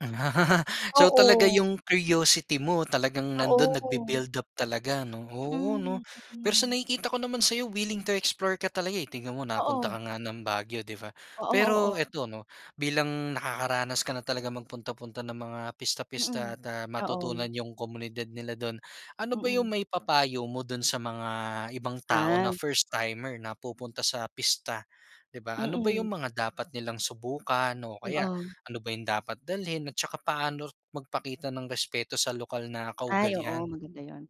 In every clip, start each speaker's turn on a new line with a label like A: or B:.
A: So talaga
B: Oo.
A: yung curiosity mo talagang nandun
B: Oo.
A: nagbi-build up talaga 'no? Oo,
B: Mm,
A: 'no? Pero sa
B: mm.
A: nakikita ko naman sayo willing to explore ka talaga, eh, tignan mo napunta
B: Oo.
A: ka nga ng Baguio 'di ba?
B: Oo,
A: Pero
B: oo.
A: eto 'no, bilang nakakaranas ka na talaga magpunta-punta ng mga
B: Mm,
A: pista-pista at, ah,
B: oo.
A: matutunan 'yung komunidad nila dun, ano ba 'yung
B: Mm.
A: may papayo mo dun sa mga ibang tao
B: Ah.
A: na first timer na pupunta sa pista? 'Di ba, ano ba 'yung
B: Mm.
A: mga dapat nilang subukan o kaya
B: Oh.
A: ano ba 'yung dapat dalhin at tsaka paano magpakita ng respeto sa lokal na
B: Ay oo
A: kaugalian?
B: maganda 'yun.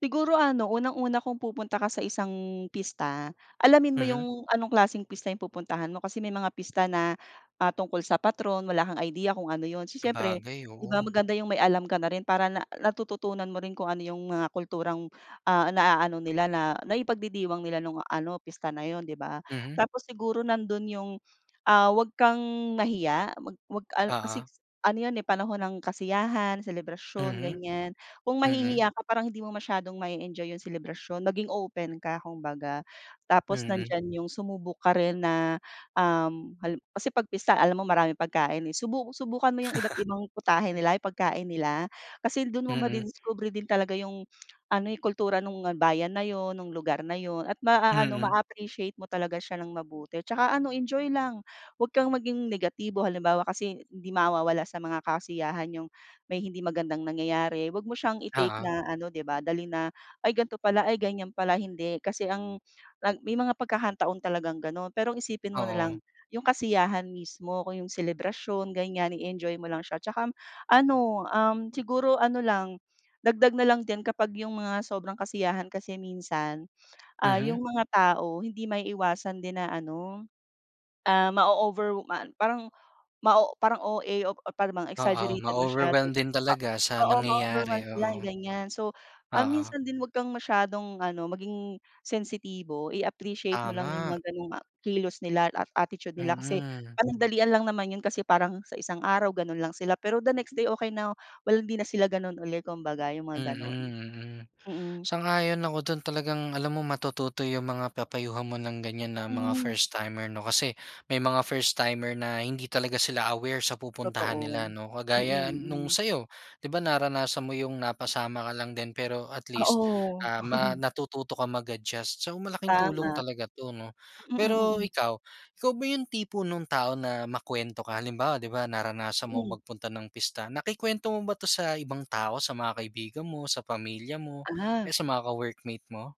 B: Siguro ano unang-una kung pupunta ka sa isang pista. Alamin mo
A: Mhm.
B: yung anong klaseng pista yung pupuntahan mo. Kasi may mga pista na, ah, tungkol sa patron. Wala kang idea kung ano yun. Si siyempre
A: Sabagay,
B: 'di ba
A: oo.
B: maganda yung may alam ka na rin para na natututunan mo rin kung ano yung mga kulturang, ah, naa-ano nila na naipagdidiwang nila nung ano pista na yun 'di ba?
A: Mhm.
B: Tapos siguro nandun yung, ah, wag kang mahiya wag mag ano
A: Oo.
B: kasi ano yun, eh, panahon ng kasiyahan, selebrasyon
A: Mhm,
B: ganiyan. Kung
A: mm.
B: mahihiya ka parang hindi mo masyadong mae-enjoy yung selebrasyon. Maging open ka kung baga. Tapos
A: Mhm.
B: nandiyan yung sumubok ka rin na, um, hal kasi pagpista alam mo maraming pagkain, eh. Subu subukan mo yung iba't ibang putahe nila, yung pagkain nila. Kasi dun mo
A: Mm.
B: madidiskubre din talaga yung ano, eh, yung kultura nung bayan na yun, nung lugar na yun, at maa-ano
A: Mhm.
B: maa-appreciate mo talaga siya ng mabuti. Tsaka enjoy lang, wag kang maging negatibo. Halimbawa kasi hindi mawawala sa mga kasiyahan yung may hindi magandang nangyayari, wag mo siyang i-take
A: Oo.
B: na ano 'di ba dalhin na "Ay ganto pala, ay ganyan pala", hindi. Kasi ang may mga pagkakataon talagang ganon, pero isipin mo nalang
A: Oo.
B: 'yung kasiyahan mismo kung 'yung selebrasyon ganiyan. I-enjoy mo lang siya. 'Tsaka, um, ano, um, siguro, ano lang dagdag nalang din kapag 'yung mga sobrang kasiyahan kasi minsan, ah, 'yung
A: Mhm.
B: mga tao hindi maiiwasan din na ano, ah, maoover ma parang OA, par parang
A: Oo.
B: exaggerated masyado.
A: Ma-overwhelm din talaga
B: Oo,
A: sa
B: oo mao-overwhelm
A: nangyayari.
B: sila
A: Oo.
B: ganiyan. So, ah,
A: Oo.
B: minsan din wag kang masyadong ano maging sensitibo i-appreciate mo lang 'yung mga
A: Tama.
B: ganong, ah, kilos nila at attitude nila kasi
A: Mm.
B: panandalian lang naman 'yun. Kasi parang sa isang araw ganon lang sila, pero the next day okey na walang dina sila ganon uli kumbaga 'yung mga
A: Mhm,
B: ganon.
A: mhm.
B: Mm.
A: Sang-ayon ako dun. Talagang alam mo matututo 'yung mga papayuhan mo ng ganiyan na mga
B: Mhm.
A: first timer 'no? Kasi may mga first timer na hindi talaga sila aware sa pupuntahan
B: Totoo,
A: nila 'no?
B: mm,
A: Kagaya 'nung
B: mm.
A: sayo. 'Di ba naranasan mo yung napasama ka lang din pero at least,
B: Oo.
A: ah, ma natututo ka mag-adjust, so malaking tulong
B: Tama.
A: talaga 'to 'no.
B: Mm, mm,
A: Pero
B: hmm.
A: ikaw, ikaw ba 'yung tipo nung tao na makwento ka, halimbawa 'di ba naranasan mo
B: Mm.
A: magpunta ng pista, nakikwento mo ba 'to sa ibang tao sa mga kaibigan mo, sa pamilya mo, o
B: Ah.
A: sa mga ka-workmate mo?